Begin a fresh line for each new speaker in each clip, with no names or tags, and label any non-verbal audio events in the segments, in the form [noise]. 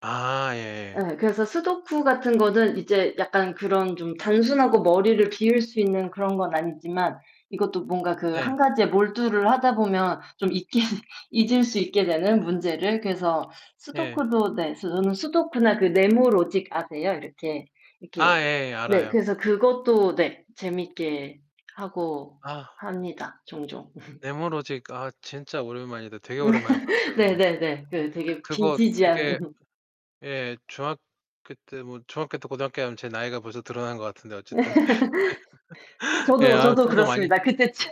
아 예예.
에. 그래서 스도쿠 같은 거는 이제 약간 그런 좀 단순하고 머리를 비울 수 있는 그런 건 아니지만 이것도 뭔가 그
네.
1 가지에 몰두를 하다 보면 좀 잊게 잊을 수 있게 되는 문제를 그래서
예.
스도쿠도 네. 저는 스도쿠나 그 네모 로직 아세요? 이렇게 이렇게
아 예예
네.
알아요.
그래서 그것도
[unintelligible]
네. 재밌게 하고
아.
합니다, 종종.
네모 로직 아
[laughs]
진짜 오랜만이다. 되게 오랜만에
[laughs]
들었어요, 그거.
네네네. 그 되게
그거 되게
빈티지한. [laughs]
예. 중학교 때 뭐 중학교 때 고등학교 하면 제 나이가 벌써 드러난 것 같은데 어쨌든.
[laughs]
[laughs] 예.
저도,
아
저도
저도 많이
그렇습니다. 그때쯤,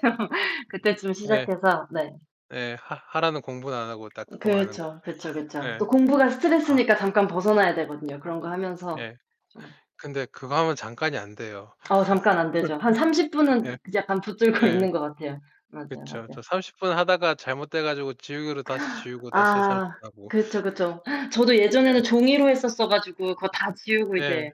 그때쯤
예.
시작해서 네.
예. 하 하라는 공부는 안 하고 딱 그거만 하는 거.
그렇죠. 그쵸,
[laughs]
그쵸.
예.
또 공부가
아
스트레스니까 잠깐 벗어나야 되거든요, 그런 거 하면서,
네.
좀.
근데 그거 하면 잠깐이 안 돼요.
어 잠깐 안 되죠. 한 30
[laughs] 예.
분은 그 약간 붙들고
예.
있는 것 같아요. 맞아요,
그쵸. 저
맞아요.
30 분 하다가 잘못돼 가지고 지우개로 다시
[gasps]
지우고 다시 30
아
분 하고.
그렇죠, 그쵸. 저도 예전에는
예.
종이로 했었어 가지고 그거 다 지우고
예.
이제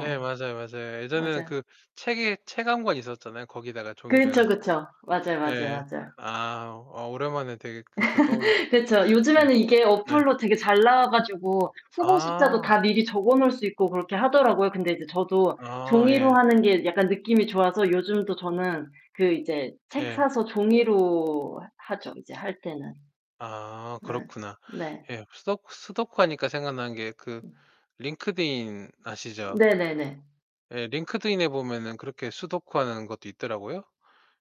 예 맞아요, 맞아요. 예전에는
맞아요.
그 책에 책 한 권 있었잖아요. 거기다가 종이로 해
그렇죠,
가지고.
그쵸. 맞아요, 맞아요,
예예.
맞아요.
아, 아 오랜만에 되게 그렇게 떠올렸다.
[laughs] 그쵸.
네.
요즘에는 이게
네.
어플로 되게 잘 나와 가지고 후보 숫자도
아.
다 미리 적어 놓을 수 있고 그렇게 하더라고요. 근데 인제 저도
아
종이로
예.
하는 게 약간 느낌이 좋아서 요즘도 저는 그 이제 책
예.
사서 종이로 하 하죠, 이제 할 때는.
아.
예.
그렇구나.
네.
예. 스도쿠 스도쿠 하니까 생각나는 게 그
네.
링크드인 아시죠?
네네네.
에. 링크드인에 보면은 그렇게 스도쿠하는 것도 있더라고요.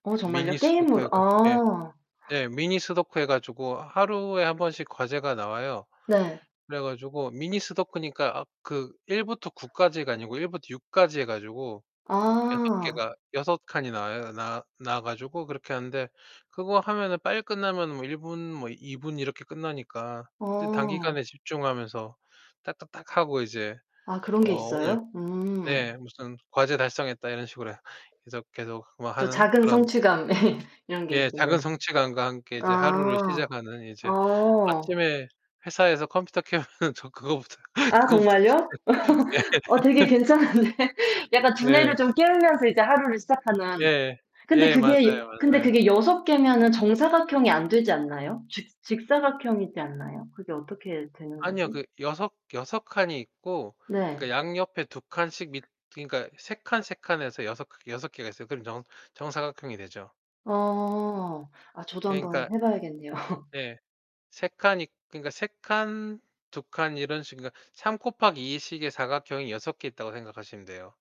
어
미니
정말요?
스도쿠 해
게임으로
가 예.
아.
네. 미니 스도쿠 해 가지고 하루에 1 번씩 과제가 나와요.
네.
그래 가지고 미니 스도쿠니까 아 그 1부터 9까지가 아니고 1부터 6까지 해 가지고 6
아.
개가 6 칸이 나와요. 나 나와 가지고 그렇게 하는데 그거 하면은 빨리 끝나면 뭐 1 분 뭐 2 분 이렇게 끝나니까 이제 단기간에
어.
집중하면서 딱딱딱하고 이제
아 그런 게
어 오늘
있어요? 음.
네. '무슨 과제 달성했다.' 이런 식으로 계속, 계속 뭐
또
하는
작은
그런
성취감 [laughs] 이런 게
예. 작은
있겠네.
성취감과 함께 이제 하루를
아.
시작하는 이제
어.
아침에 회사에서 컴퓨터 켜면은 저 그거부터
아
그거부터.
정말요?
예.
[laughs] 어 되게
[laughs]
괜찮은데. 약간 두뇌를
예.
좀 깨우면서 이제 하루를 시작하는.
예예.
근데
예.
그게
맞아요,
근데
맞아요.
그게 6 개면은 정사각형이 안 되지 않나요? 직 직사각형이지 않나요? 그게 어떻게 되는
아니요
거지?
그 여섯 여섯 칸이 있고 그니까
네.
양옆에 2 칸씩 밑 그니까 3 칸, 3 칸 해서 여섯 여섯 개가 있어요. 그럼 정 정사각형이 되죠.
어. 아 저도 한번
그러니까
해 봐야겠네요. [laughs]
네. 3 칸이 그러니까 3 칸, 2 칸 이런 식 그러니까 3 곱하기 2 식의 사각형이 6 개 있다고 생각하시면 돼요.